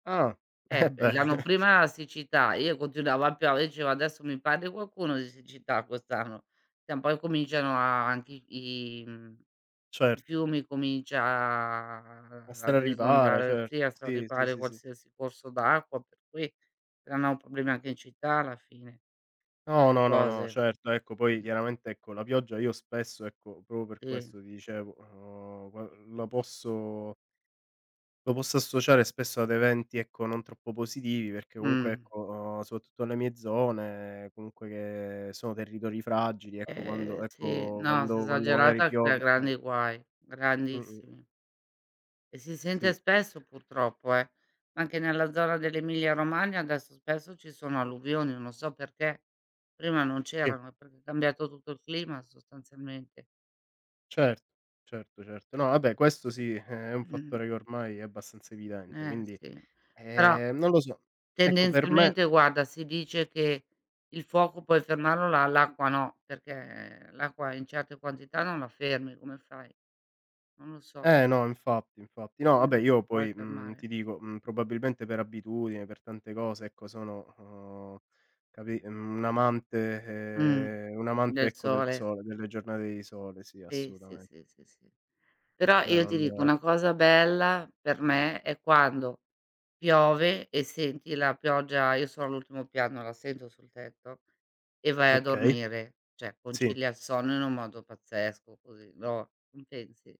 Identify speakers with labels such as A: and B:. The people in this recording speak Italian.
A: Ah.
B: Eh
A: Eh
B: p
A: beh.
B: l'anno prima la siccità, io continuava a piovere, dicevo: "Adesso mi parli qualcuno di siccità quest'anno". Tra un po' incominciano a anche i i mhmm, i
A: Certo.
B: fiumi comincia
A: A
B: a ad
A: straripare,
B: esondare
A: cer
B: sì, a
A: sì, sì,
B: straripare
A: sì, sì.
B: qualsiasi corso d'acqua, per cui, creano problemi anche in città alla fine.
A: No,
B: Ste
A: no, no, no,
B: cose.
A: certo. Ecco poi chiaramente ecco, la pioggia io spesso ecco, proprio per
B: Sì.
A: questo ti dicevo, uhm, va l la posso lo posso associare spesso ad eventi ecco, non troppo positivi, perché comunque
B: Mh.
A: ecco, uhm, soprattutto le mie zone, comunque che sono territori fragili, ecco,
B: Eh
A: quando
B: sì.
A: ecco,
B: No, se
A: quando quando magari
B: esagerata crea
A: piove eh
B: grandi guai;
A: Mh-mh.
B: grandissimi. E si sente
A: Sì.
B: spesso purtroppo, eh. Anche nella zona dell'Emilia Romagna adesso spesso ci sono alluvioni, non so perché. Prima non
A: Sì.
B: c'erano, è proprio cambiato tutto il clima sostanzialmente.
A: Cert certo, certo. No vabbè, questo sì, eh, è un
B: M mh-mh.
A: fattore che ormai è abbastanza evidente,
B: Eh
A: quindi
B: sì. Però,
A: ehm, non lo so. Ecco, per me
B: tendenzialmente guarda, si dice che il fuoco puoi fermarlo, l'a l'acqua no, perché l'acqua in certe quantità non la fermi, come fai? Non lo so.
A: Eh no infatti, infatti. No
B: Mh,
A: vabbè io
B: non puoi
A: poi, mhmm,
B: fermare.
A: ti dico, mhmm, probabilmente per abitudine, per tante cose ecco, sono, uhm, capi un amante
B: Mh.
A: ehm, un amante
B: Del
A: ecco, del
B: sole.
A: sole, delle giornate di sole sì
B: Sì, sì,
A: assolutamen
B: sì, sì, sì. Però,
A: Cioè
B: io ti dico
A: non
B: una cosa bella per me, è quando piove e senti la pioggia io sono all'ultimo piano, la sento sul tetto e vai a
A: Okay.
B: dormire: cioè
A: Sì.
B: concilia il sonno in un modo pazzesco così, lo non pensi?